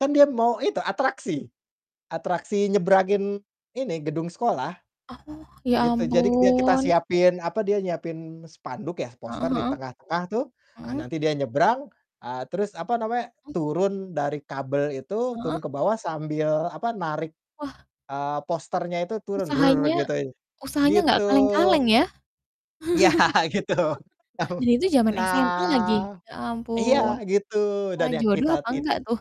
Kan, dia mau itu atraksi, atraksi nyebrangin, ini, gedung sekolah, Oh, ya gitu. Jadi, k dia kita ampun. siapin, apa, dia nyiapin spanduk ya, Heeh poster di heeh. tengah-tengah tuh, ah, Heeh. nanti dia nyebrang, eee, terus, apa namanya, Mhm. turun dari kabel itu, turun Heeh. ke bawah sambil, apa, narik, Wah. eee, posternya itu turun, Usahanya gituin, usahanya, gitu. enggak kaleng-kaleng ya? Iya, gitu tau. Dan, itu zaman SMA lagi, Nah ya iya, ampun. gitu, Wah, dan yang jodoh kita apa tid enggak tuh?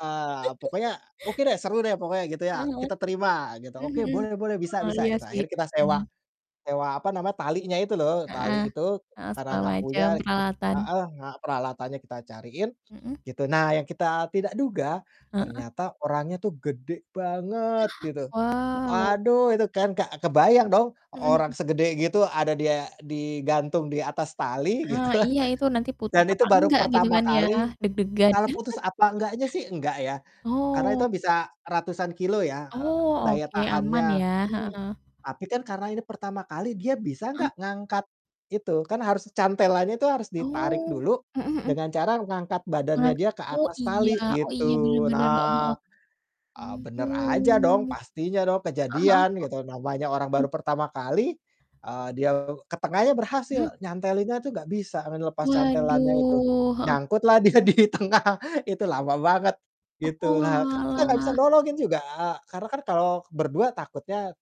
eee, pokoknya, "Oke deh, seru deh pokoknya," gitu Heeh ya, heeh. "Kita terima," gitu, Mhm "Oke mhm. boleh boleh bisa Oh, bisa," iya gitu. sih, Akhirnya kita sewa mmm. sewa, apa namanya, talinya itu loh, Heeh tali itu heeh, karena segala enggak punya macam rek ah peralatan. heeh, nga peralatannya kita cariin, Mhm. gitu. Nah, yang kita tidak duga Heeh. ternyata orangnya tuh gede banget gitu. Wow. Aduh, itu kan, Kak, kebayang dong Mhm orang mhm. segede gitu ada dia digantung di atas tali, Ah, gitu kan. iya itu nanti Dan, putus apa itu baru enggak gitu pertama kan, ya? kali Deg-degan. tali putus apa enggaknya sih? Enggak ya. Karena, itu Oh. bisa ratusan kilo ya, eee, Oh, daya oke, aman tahannya, ya? mhm. Heeh. Tapi kan, karena ini pertama kali, dia bisa Heeh. enggak ngangkat, gitu? Kan, harus cantelannya itu harus ditarik Oh, dulu mhm mhm. dengan cara ngangkat badannya Heeh dia ke oh, atas iya tali, oh, iya benar gitu. benar, heeh Nah, heeh. ah, Mhm. bener aja dong, pastinya dong, Heeh heeh. kejadian gitu, namanya orang baru Aduh! pertama kali, eee, dia ke tengahnya Mhm. berhasil nyantelinnya tuh enggak bisa, lepas cantelannya itu. Waduh, heeh. Nyangkutlah dia di tengah, itu lama banget, gitulah. Kan kita enggak bisa Oalah. nolongin juga, karena kan kalau ber-2 takutnya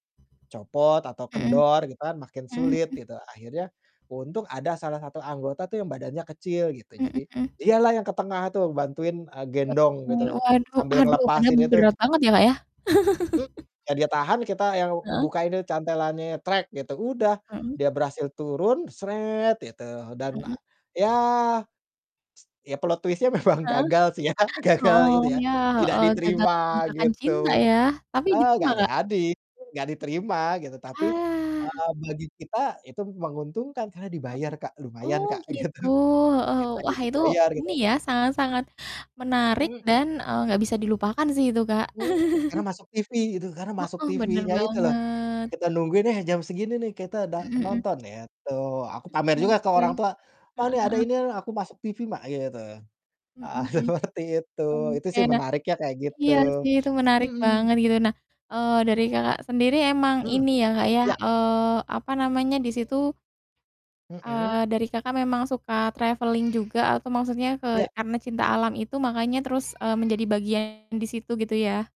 copot atau Mhm. kendor gitu kan, makin Mhm sulit, mhm gitu. Akhirnya, untung ada salah satu anggota tuh yang badannya kecil gitu, Mhm jadi mhm. dialah yang ke tengah tuh bantuin, eee, Wah, gendong demi gitu, waduh, sambil aduh, padahal ngelepasin itu. berat banget ya, Kak, ya? Mmm, iya dia tahan, kita yang Heeh. ngebukainnya cantelannya gitu, udah Mhm. dia berhasil turun gitu dan, a Mhm. yah, ya plot twist-nya memang Heeh. gagal sih ya, gagal Oh, itu ya, yah, tidak heeh, gagal diterima menyatakan gitu, cinta ya, tapi eee, diterima, enggak Kak? jadi, enggak diterima, gitu. Tapi, Wah. eee, bagi kita itu menguntungkan karena Heeh. dibayar, Kak, lumayan, Oh, Kak, gitu, gitu. Heeh, kitanya wah, itu dibayar, gitu. ini ya sangat-sangat menarik Mhm. dan, eee, enggak bisa dilupakan sih itu, Kak. Mhm, karena masuk TV gitu, karena masuk Heeh, bener TV-nya itu loh. E banget. kita nungguin, "Eh, jam segini nih kita udah Mhm mhm. nonton," itu. Aku pamer juga ke Oke, orang tua, "Oh, heeh ini ada heeh. ini nih aku masuk TV, Mak," gitu. Ah, Mhm mhm. seperti itu. Itu Oke, sih nah menariknya kayak gitu. iya sih itu menarik Mhm. banget gitu. Nah, eee, dari Kakak sendiri emang Mhm, ini ya, Kak, ya, iya. eee, apa namanya, di situ Mhm. eee, dari Kakak memang suka traveling juga atau maksudnya, Iya. ke karena cinta alam itu makanya terus, eee, menjadi bagian di situ, gitu ya?